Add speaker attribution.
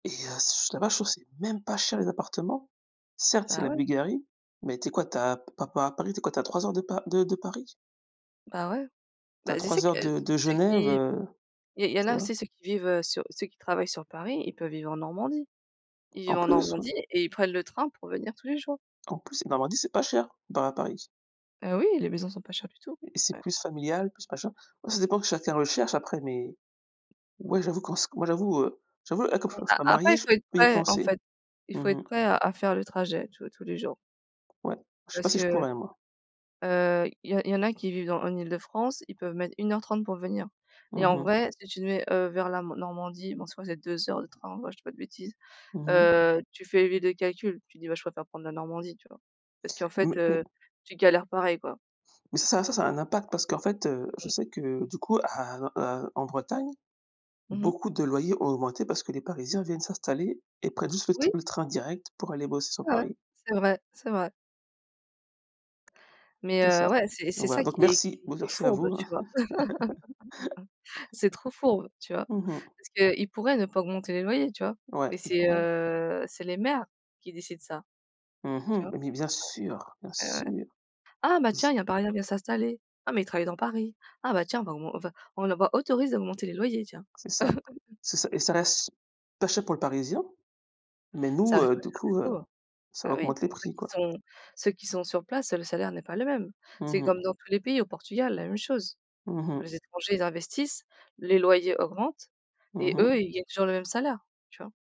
Speaker 1: Et heu, c'est juste là-bas, je trouve c'est même pas cher, les appartements. Certes, c'est
Speaker 2: Bah,
Speaker 1: la
Speaker 2: ouais.
Speaker 1: Bulgarie, mais tu es quoi, tu as pa par rapport à Paris, tu es quoi, tu es à 3 heures de Pa de de Paris.
Speaker 2: Bah ouais.
Speaker 1: Tu es
Speaker 2: Bah,
Speaker 1: à
Speaker 2: tu sais
Speaker 1: 3
Speaker 2: que
Speaker 1: heures de de
Speaker 2: ceux
Speaker 1: Genève,
Speaker 2: qui i
Speaker 1: heu,
Speaker 2: il y en
Speaker 1: tu
Speaker 2: a
Speaker 1: vois?
Speaker 2: aussi, ceux qui vivent, heu, sur ceux qui travaillent sur Paris, ils peuvent vivre en Normandie. Ils vivent
Speaker 1: En
Speaker 2: en
Speaker 1: plus, ouais.
Speaker 2: Normandie et ils prennent le train pour venir tous les jours.
Speaker 1: En plus, la Normandie, c'est pas cher, comparé à Paris
Speaker 2: Heu, oui, les maisons sont pas chères du tout.
Speaker 1: et c'est
Speaker 2: Ouais.
Speaker 1: plus familial, plus machin. Après, ça dépend ce que chacun recherche après. Mais ouais, j'avoue, quand je s moi j'avoue, heu j'avoue et comme comme je suis pas
Speaker 2: A
Speaker 1: mariée,
Speaker 2: après, il
Speaker 1: je
Speaker 2: faut être
Speaker 1: peux y
Speaker 2: prêt, en
Speaker 1: penser.
Speaker 2: fait. Il
Speaker 1: Mmh
Speaker 2: faut être
Speaker 1: mh.
Speaker 2: prêt à à faire le trajet, tu vois, tous les jours.
Speaker 1: Ouais, je sais pas
Speaker 2: Parce
Speaker 1: si je
Speaker 2: que,
Speaker 1: pourrais, moi.
Speaker 2: heu, il y en il y en a qui vivent dans en Île-de-France. Ils peuvent mettre 1 heure 30 pour venir et,
Speaker 1: Mmh
Speaker 2: en
Speaker 1: mh.
Speaker 2: vrai, si tu te mets, heu, vers la mo Normandie bon, je crois c'est 2 heures de train, ouais, je dis pas de bêtises.
Speaker 1: Mmh mh.
Speaker 2: Heu, tu fais vite le calcul, tu te dis: «Bah, je préfère prendre la Normandie», tu vois? Parce qu'en fait,
Speaker 1: Mais mais
Speaker 2: heu, tu galères pareil, quoi.
Speaker 1: mais c'est ça, ça a un impact parce qu'en fait, heu, je
Speaker 2: Mmh.
Speaker 1: sais que, du coup à heu heu en Bretagne,
Speaker 2: Mmh mh.
Speaker 1: beaucoup de loyers ont augmenté parce que les Parisiens viennent s'installer et prennent juste le tr
Speaker 2: Oui.
Speaker 1: le train direct pour aller bosser sur
Speaker 2: Ouais, ouais,
Speaker 1: Paris.
Speaker 2: c'est vrai, c'est vrai. Mais
Speaker 1: C'est ça.
Speaker 2: heu, ouais, c'est
Speaker 1: Donc
Speaker 2: c'est
Speaker 1: voilà
Speaker 2: ça
Speaker 1: donc
Speaker 2: qui est qui
Speaker 1: merci
Speaker 2: est
Speaker 1: bon,
Speaker 2: qui est
Speaker 1: merci à
Speaker 2: fourbe,
Speaker 1: vous, hein.
Speaker 2: tu vois? C'est trop fourbe, tu vois?
Speaker 1: Mmh mh.
Speaker 2: Parce qu'ils pourraient ne pas augmenter les loyers, tu vois?
Speaker 1: Ouais,
Speaker 2: Mais
Speaker 1: ils
Speaker 2: c'est,
Speaker 1: pourraient.
Speaker 2: heu c'est les maires qui décident ça,
Speaker 1: Mmh
Speaker 2: tu
Speaker 1: mh.
Speaker 2: vois?
Speaker 1: Mais bien sûr, bien
Speaker 2: Ouais et ouais:
Speaker 1: sûr.
Speaker 2: «Ah bah tiens, il y a
Speaker 1: [unintelligible]
Speaker 2: un Parisien, il vient s'installer. Ah, mais il travaille dans Paris. Ah bah, tiens bah, on on va on va autorise à augmenter les loyers, tiens.»
Speaker 1: C'est ça C'est ça, et ça reste ch pas cher pour le Parisien mais nous,
Speaker 2: Ça reste
Speaker 1: heu,
Speaker 2: pas
Speaker 1: du
Speaker 2: cher du
Speaker 1: coup heu,
Speaker 2: tout, heu,
Speaker 1: ça
Speaker 2: bah oui,
Speaker 1: augmente les
Speaker 2: pour ceux
Speaker 1: prix,
Speaker 2: qui
Speaker 1: quoi.
Speaker 2: sont ceux qui sont sur place, le salaire n'est pas le même.
Speaker 1: Mmh
Speaker 2: C'est
Speaker 1: mh.
Speaker 2: comme dans tous les pays, au Portugal la même chose.
Speaker 1: Mmh mh.
Speaker 2: Les étrangers ils investissent, les loyers augmentent
Speaker 1: Mmh
Speaker 2: et
Speaker 1: mh.
Speaker 2: eux ils gagnent toujours le même salaire, tu vois?